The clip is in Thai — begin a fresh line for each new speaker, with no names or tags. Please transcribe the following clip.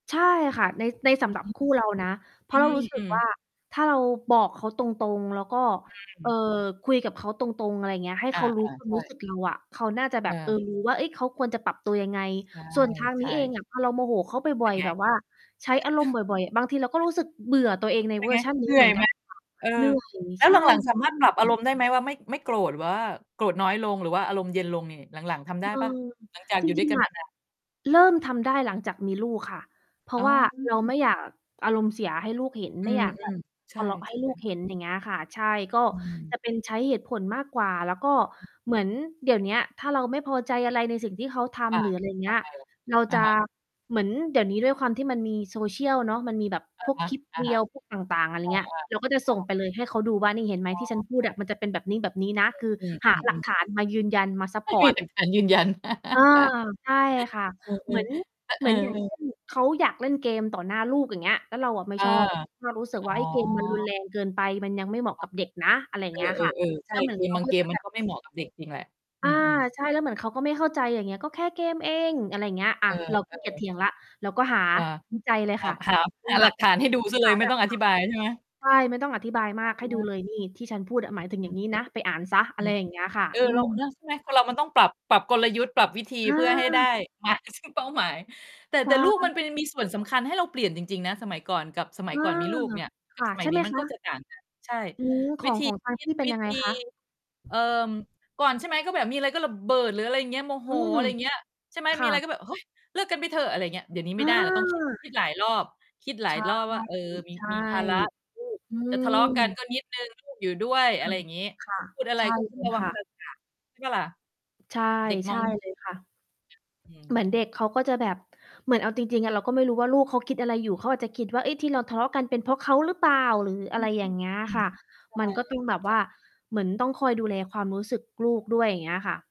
ใช่ค่ะ ใน ในสำหรับ
อื
คู่เรานะ เพราะเรารู
ม
้สึ
อื
ก
อ
ว่า ถ้าเราบอกเขาตรง ๆ แล้วก็
อ
เอ่อ
า
คุยกับเขาตรง ๆ อะไรเงี้ย ให้
อ
เ
า
ขารู้ ควา
ๆ
ม
ใช
รู้ส
่
ึกเราอะ เขาน่าจะแบบ เอ
เอ
อ
อ
รู้ ว่า เฮ้ย เขาควรจะปรับตัวยังไง
ใช่
ส่วนทาง
ใช
นี้เอง
่
อะ พอเราโมโหเขาบ
เป
่
็
อ
น
ย
ไ
ๆ
ง?
แบบว่าใช้อารมณ์บ่อย ๆ บางทีเราก็รู้สึกเบื่อตัวเองใน
เป็
เว
น
อ
ไ
ร
ง
์ชันน
เ
ี
ห
้
นื
เ
่
หม
อ
ื
ย
อน ก
ไห
ั
ม?
นค่ะ
เออ
เหนื่อย
แล้
ใช
วห
่
ลัง ๆ สาม
อ
าร
ื
ถปรับอาร
ม
มณ์ได้ไหม ว่าไม่ ไม่โกรธหรือว่าโกรธน้อยลง หรือว่าอารมณ์เย็นลงนี่ หลัง ๆ ทำไ
เ
ด
อ
้เปล่า?
อ
หลังจาก
จร
อยู่ด้ว
ิ
ย
ง
กั
ๆ
น
อ
ม
ะ
า นาน
เริ่มทำได้หลังจากมีลูกค่ะ เพรา
อ๋
ะว่าเราไ
อ
ม่อยากอารมณ์เสียให้ลูกเห็น
อ
ไ
ื
ม่อยาก แบ
อ
บ
ๆ ใช
ท
่
ะเลาะ
ใ
ใ
ช
ห้
่
ลูกเห็น อย่างเงี้ยค่ะ ใช่ ก็
อืม
จะเป็นใช้เหตุผลมากกว่า แล้วก็เหมือนเดี๋ยวเนี้ย ถ้าเราไม่พอใจอะไรในสิ่งที่เขาท
อา
ำ หรืออะไรอย่างเ
ท
งี้ย
ำไงเหรอ?
เรา
อ
จ
ะ
ะ
ฮะ
เหมือนเดี๋ยวนี้ด้วยความที่มันมี Social เนาะ มันมีแบบ
อะ
พวก
ฮะ
คลิป
ๆ อ
Reels พวกต่าง ๆ อะไร
า
เงี้ย
ๆ
เราก็จะ
ค
ส
่
่ง
ะ
ไปเลย ให้เขาดูว่า "นี่เห็นไหม
อ๋อ
ที่ฉันพูดอะ มันจะเป็นแบบนี้ ๆ นะ" คือ
อืม
หาหลัก
ๆ ๆ ๆ
ฐานมายืนยันมาซัป
ให้
พ
ฟ
อ
รี
ร์ต
เป็น การ ยืนยัน
อา ใช่ค่ะ
เออ
เหมือน
ๆ
เ
เ
ห
อ
มื
อ
อนอย่างเช่
ๆ
น เขาอยากเล่นเกมต่อหน้าลูก อย่างเงี้ย แล้วเราอะไม่
เออ
ชอบ เรารู้สึก
อ๋
ว่า เฮ้ย เกมมันรุน
อ
แรงเกินไป มันยังไม่เหมาะ
ค่
ก
ะ
ับเด็กนะ อะไรอย่า
เ
งเงี้ยค่ะ
ออ ๆ ๆ ใ
แ
ช
ล้
่
วเหมือ
เก
นเข
ม
า
บาง
ก็
เก
จะ
มม
แ
ั
บ
น
บ
ก็ไม่เหมาะกับเด็กจริงแหละ อ
อ
ื
า
ม ๆ
ใช่ แล้วเหมือนเขาก็ไม่เข้าใจ อย่างเงี้ย "ก็แค่เกมเอง" อะไรอย่างเงี้ย อ
เ
่
อ
า
อ
เราขี้เกียจเถ
ๆ
ียงแล้ว เราก็หา
อา
ดีใจเลย
ห
ค
า
่ะ
หา หาหลักฐานให้ดูเสียเ
ห
ล
า
ย ไม
หล
่
ั
ต
ก
้องอ
ฐา
ธิบายใช่ไหม?
น ใช่ ไม่ต้องอธิบายมาก ให้ดู
อา
เลย นี่ ที่ฉันพูดอะ ห
อ
มายถึงอย่
ื
าง
ม ๆ
งี้นะ ไปอ่านเสีย อ
อ
ะ
ื
ไร
อ
อย่างเงี้ยค่ะ
เออ
อื
เรา
ม
ก็นะ ใช่ไหม คนเรามันต้องปรับ ปรับกลยุทธ์ ปรับวิธี
อ
เพื่อให้ได้
า
มา ซึ่ง เป้าหมาย แต่
ใช
แต่ลูกมันไป
่
มีส่วนสำคัญให้เราเปลี่ยนจริง ๆ นะ สมัยก่อนกับ สมั
อ
ย
า
ก่อนมีลูกเนี่ย ก
ค
ับ
่ะ
สมั
ใช
ย
่
นี
ไห
้
ม
มัน
ค
ก็
ะ?
จะต่าง กัน ใช่
อืม ข
วิ
อง
ธี
ของทาง
ค
พ
ิด
ี่เป็
ว
น
ิ
ยังไ
ธ
ง
ี
คะ?
เอ่อ ก่อน ใช่ไหม ก็แบบมีอะไรก็ระเบิด หรืออะไรอย่างเงี้ย โมโห
อืม
อะไรอย่างเงี้ย ใช่ไหม
ค
ม
่
ีอะไร
ะ
ก็แบบ โอ๊ย "เลิกกันไปเถอะ" อะไรอย่างเงี้ย เดี๋ยวนี้ไ
อ
ม่ไ
า
ด้ เราต้อง คิด คิดหลายรอบ คิดหลา
ใช
ย
่
รอบว่า เออ มี
ใช่
มีภาระ คือ ลูก
อื
จะทะเลาะกัน
ม
ก็นิดหนึ่ง ลูก อยู่ด้วย
ค
อะไ
่
ร
ะ
อย่างงี้
ค่ะ
พูดอะไร
ใช่
ก็ต้
เ
อ
ล
งร
ย
ะวั
ค
ง
่ะ
ภาษา ใช่เปล่าล่ะ?
ใช่
เด็ก
ใ
ม
ช
อ
่
ง ย เนี่ย
เลยค่ะ
อืม
เหมือนเด็กเขาก็จะแบบ เหมือนเอาจริง ๆ อะ เราก็ไม่รู้ว่าลูกเขาคิดอะไรอยู่? เขาอาจจะคิดว่า เฮ้ย ที่เราทะเลาะกันเป็นเพราะเขาหรือเปล่า หรือ
อ
อะ
ื
ไร
อ
อย่างเงี้ย
อื
ค
ม
่ะ
ใช่
มันก็ต้องแบบว่
จ
า เหมือนต้องคอยดูแลความรู้สึกลูกด้วย อย่างเงี้ยค่ะ